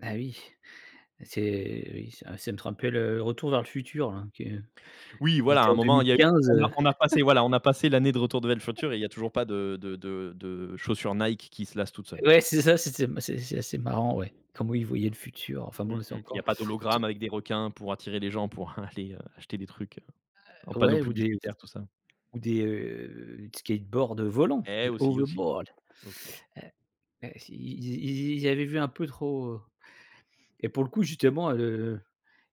Beh oui, c'est oui, c'est c'est m [unintelligible] le retour vers le futur là, qui est Oui qui voilà à était un en deux moment mille il y a eu quinze, on a heu. on a passé voilà on a passé l'année de Retour de vers le futur et il y a toujours pas de de de de chaussures Nike qui se lassent toutes seules. Ouais c'est ça, c'était m c'est c'est assez marrant ouais. Comment ils voyaient le futur. Enfin Mmh bon là c'est mh, il y encore a pas te d'hologramme avec des requins pour attirer les gens, pour aller, heu, acheter des trucs, heu, un Heu, panneau ouais, ou des, heu, d publicitaire tout ça. ou des, heu, skateboards, heu, volants, Eh des aussi, aussi, overboards, aussi. heu, heu, s ils y ils y ils avaient vu un peu trop, heu, et pour le coup justement, heu,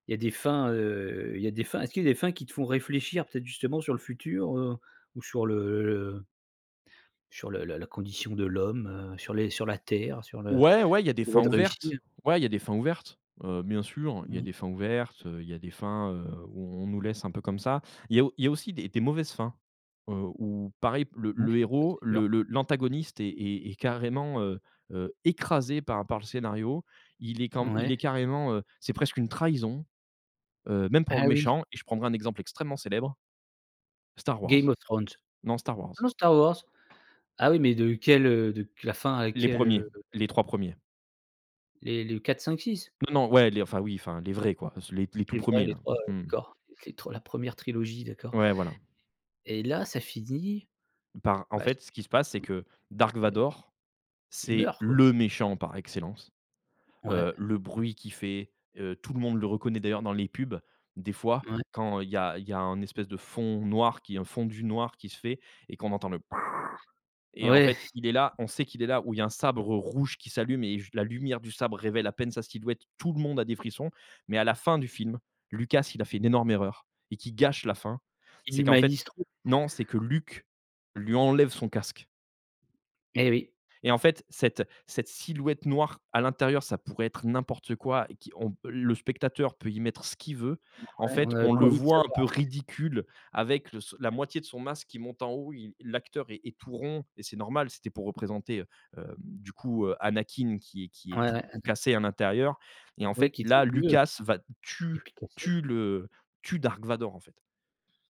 il y a des fins, heu, y a des fins est-ce qu'il y des fins qui te font réfléchir peut-être justement sur le futur, heu, ou sur le le? Sur la la condition de l'homme, heu, sur les sur la terre, sur le Ouais, ouais, il y a des fins [unintelligible] réussi, ouvertes. hein? Ouais, il y a des fins ouvertes, heu, bien sûr, il y Mmh. des fins ouvertes, heu, il y a des fins, heu, où on nous laisse un peu comme ça. Il y a au il y a aussi des des mauvaises fins, heu, où pareil p le Ouais, le ça c'est héros, sûr. le le l'antagoniste est est est carrément, heu, heu, écrasé par par le scénario. Il est quand m Ouais. il est carrément, heu, c'est presque une trahison, heu, même pour Ah le Oui. méchant et je prendrai un exemple extrêmement célèbre. Star Game Wars. of Thrones, Non Star Wars. oh non Star Wars, ah oui mais de quelle, heu, de q la fin à Les quelle, 1ers, heu? les 3 premiers. Les les 4-5-6? Non non, ouais, les enfin oui, enfin les vrais quoi, pas ce les les tous Les vrais, 1ers les là, 3, heu, mmh. d'accord, l les tre la 1re trilogie, d'accord. Ouais voilà. Et là ça finit, Par en bah c'est fait ce qui fi se passe c'est [unintelligible] que Dark et Vador, il c'est meurt quoi. le méchant par excellence. Ouais. Heu, le bruit qu'il fait, heu, tout le monde le reconnaît. D'ailleurs dans les pubs, des fois Ouais. quand il y a il y a un espèce de fond noir qui est un fondu noir qui se fait et qu'on entend le et en Ouais. fait il est là. On sait qu'il est là où il y a un sabre rouge qui s'allume et juste la lumière du sabre révèle à peine sa silhouette. Tout le monde a des frissons, mais à la fin du film, Lucas, il a fait une énorme erreur et qui gâche la fin. Il C'est qu'en fait humanise trop. non, c'est que Luke lui enlève son casque. Eh oui. Et en fait, cette cette silhouette noire à l'intérieur, ça pourrait être n'importe quoi qui on p le spectateur peut y mettre ce qu'il veut. En Ouais on fait avait on pas le envie de voit un savoir en peu fait. ridicule avec le ce la moitié de son masque qui monte en haut, il l'acteur est est tout rond et c'est normal c'était pour représenter, heu, hem, du coup, heu, Anakin qui est qui est Ouais, tout ouais ah d'ac cassé à l'intérieur et en Ouais fait qu'il était là vieux, Lucas va et tue puis tue [unintelligible] le tue Dark Vador en fait.